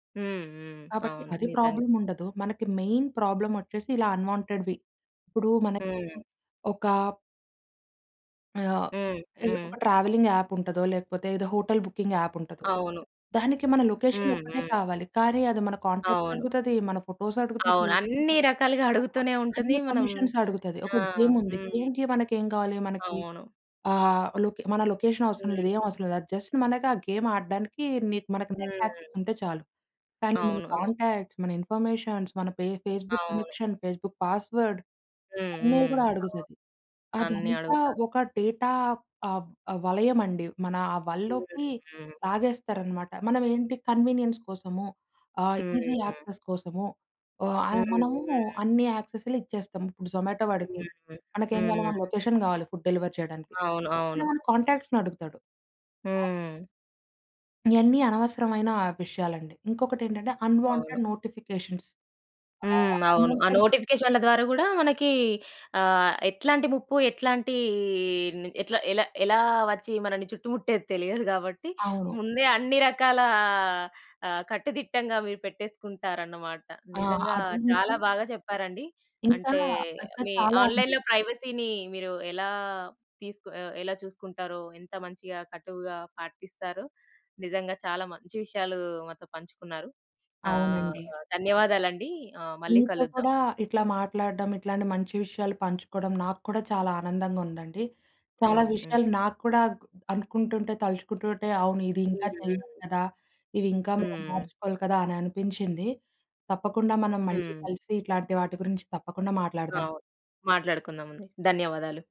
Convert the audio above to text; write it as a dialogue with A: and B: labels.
A: హ్మ్ హ్మ్.
B: కాబట్టి
A: అవును
B: అది
A: నిజంగా.
B: ప్రాబ్లమ్ ఉండదు. మనకి మెయిన్ ప్రాబ్లమొచ్చేసి ఇలా అన్‌వాంటెడ్‌వి ఇప్పుడు మనకి
A: హ్మ్.
B: ఒక ఆహ్,
A: హ్మ్ హ్మ్.
B: ఒక ట్రావెలింగ్ యాప్ ఉంటదో, లేకపోతే ఏదో హోటల్ బుకింగ్ యాప్ ఉంటది.
A: అవును.
B: దానికి మన
A: హ్మ్.
B: లొకేషనొక్కటే
A: హ్మ్.
B: కావాలి. కానీ అది మన కాంటాక్ట్స్
A: అవును.
B: అడుగుతది. మన ఫోటోస్ అడుగుతది.
A: అవును. అన్ని రకాలుగా
B: ఆ!
A: అడుగుతూనే ఉంటుంది.
B: అన్ని
A: మనం
B: పర్మిషన్స్ అడుగుతది. ఒక
A: ఆ!
B: గేమ్ ఉంది.
A: హ్మ్.
B: గేమ్‌కి మనకేం కావాలి. మనకి
A: అవును.
B: ఆహ్, లో‌కే మన లొకేషనవసరం లేదు ఏమి
A: హ్మ్.
B: అవసరం లేదు. అది జస్ట్ మనకి ఆ గేమ్ ఆడడానికి నీ మనకి నెట్ యాక్సెస్
A: హ్మ్.
B: ఉంటే చాలు. కానీ మన
A: అవును. అవును.
B: కాంటాక్ట్స్, మన ఇన్‌ఫర్‌మేషన్ మన ఫే ఫేస్‌బుక్
A: అవును.
B: కనెక్షన్, ఫేస్‌బుక్ పాస్‌వర్డ్
A: హ్మ్.
B: అన్నీ
A: హ్మ్.
B: కూడా
A: అవును.
B: అడుగుతది.
A: అన్ని
B: అదంతా
A: అడుగుతారు.
B: ఒక డేటా ఆహ్, ఆహ్, వలయమండి. మన ఆ
A: హ్మ్.
B: వలలోకి
A: హ్మ్.
B: లాగేస్తారన్నమాట. మనం ఏంటి కన్వీనియన్స్ కోసము ఆహ్,
A: హ్మ్.
B: ఈ‌జి
A: హ్మ్.
B: యాక్సెస్ కోసము ఆహ్,
A: హ్మ్.
B: మనము
A: హ్మ్.
B: అన్ని యాక్సెస్‌లు ఇచ్చేస్తాం. ఇప్పుడు జొమాటో వాడికి
A: హ్మ్
B: మనకేం కావాలో మన
A: హ్మ్.
B: లొకేషన్ కావాలి ఫుడ్ డెలివరీ చేయడానికి
A: అవును,
B: అంటే
A: అవును.
B: మన కాంటాక్ట్స్‌నడుగుతాడు. అ!
A: హ్మ్.
B: ఇవన్నీ అనవసరమైన ఆ విషయాలండి. ఇంకొకటెంటంటే
A: అవును.
B: Unwanted notifications. Ah,
A: hmm. అవును. ఆ
B: అన్‌వాంటెడ్
A: నోటిఫికేషన్‌ల ద్వారా కూడా మనకి ఆహ్, ఎట్లాంటి ముప్పు ఎట్లాంటి ఎట్ల ఎలా, ఎలా వచ్చి మనల్ని చుట్టుముట్టేది తెలియదు కాబట్టి.
B: అవును.
A: ముందే అన్ని రకాల ఆ కట్టుదిట్టంగా మీరు పెట్టేసుకుంటారన్నమాట.
B: ఆ!
A: నిజంగా
B: అది
A: చాలా
B: నిజం.
A: బాగా చెప్పారండి.
B: ఇంకా
A: అంటే
B: ఆ కద
A: మీ
B: చాలా‌వుంది.
A: ఆన్‌లైన్‌లో ప్రైవసీ‌న్ని మీరు ఎలా తీసుకు ఎలా చూసుకుంటారో ఎంత మంచిగా కట్టువుగా పాటిస్తారో నిజంగా చాలా మంచి విషయాలు మాతో పంచుకున్నారు. ఆహ్,
B: అవునండి.
A: ధన్యవాదాలండి ఆహ్, మళ్ళి
B: నీతో
A: కలుద్దాం.
B: కూడా ఇట్లా మాట్లాడడం ఇట్లాంటి మంచి విషయాలు పంచుకోవడం నాకూడా చాలా ఆనందంగా ఉందండి. చాలా
A: హ్మ్. హ్మ్.
B: విషయాలు నాకూడా అనుకుంటుంటే, తలుచుకుంటుంటే అవును ఇది ఇంకా
A: హ్మ్.
B: చేయాలి
A: హ్మ్.
B: కదా! ఇవి ఇంకా మనం
A: హ్మ్.
B: మార్చుకోవాలి కదా! అని అనిపించింది. తప్పకుండా మనం మళ్ళీ
A: హ్మ్.
B: కలిసి ఇట్లాంటి వాటి గురించి తప్పకుండా మాట్లాడుదాం.
A: అవును. మాట్లాడుకుందా‌మండి. ధన్యవాదాలు.